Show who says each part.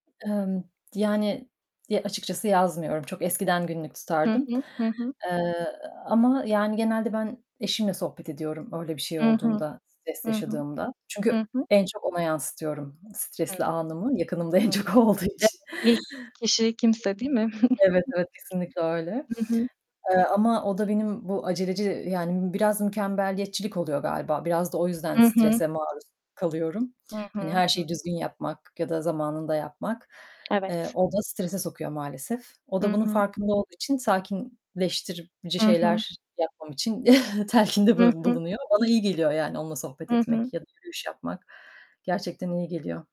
Speaker 1: Emm, yani, ya açıkçası yazmıyorum. Çok eskiden günlük
Speaker 2: Hı
Speaker 1: tutardım,
Speaker 2: hı. Hı hı.
Speaker 1: eee, ama yani genelde ben eşimle sohbet ediyorum öyle bir şey
Speaker 2: Hı hı.
Speaker 1: olduğunda stres
Speaker 2: Hı hı.
Speaker 1: yaşadığımda.
Speaker 2: Hı
Speaker 1: Çünkü
Speaker 2: hı.
Speaker 1: en çok ona yansıtıyorum, stresli
Speaker 2: [unintelligible]
Speaker 1: anımı yakınımda en
Speaker 2: Hı hı.
Speaker 1: çok o olduğu
Speaker 2: Evet,
Speaker 1: için.
Speaker 2: ilk kişi kimse değil mi?
Speaker 1: Evet evet, kesinlikle öyle,
Speaker 2: Hı hı.
Speaker 1: eee, ama o da benim bu aceleci yani biraz mükemmeliyetçilik oluyor galiba. Biraz da o yüzden
Speaker 2: Hı hı.
Speaker 1: strese maruz kalıyorum,
Speaker 2: Hı hı. Hı
Speaker 1: hani
Speaker 2: hı.
Speaker 1: her şeyi düzgün yapmak ya da zamanında yapmak, eee,
Speaker 2: Evet.
Speaker 1: o da strese sokuyor maalesef. O da
Speaker 2: Hı
Speaker 1: bunun
Speaker 2: hı.
Speaker 1: farkında olduğu için sakinleştirici
Speaker 2: Hı hı.
Speaker 1: şeyler yapmam için telkinde
Speaker 2: Hı hı.
Speaker 1: bulunuyor. Bana iyi geliyor yani onunla sohbet
Speaker 2: Hı hı.
Speaker 1: etmek ya da yürüyüş yapmak. Gerçekten iyi geliyor.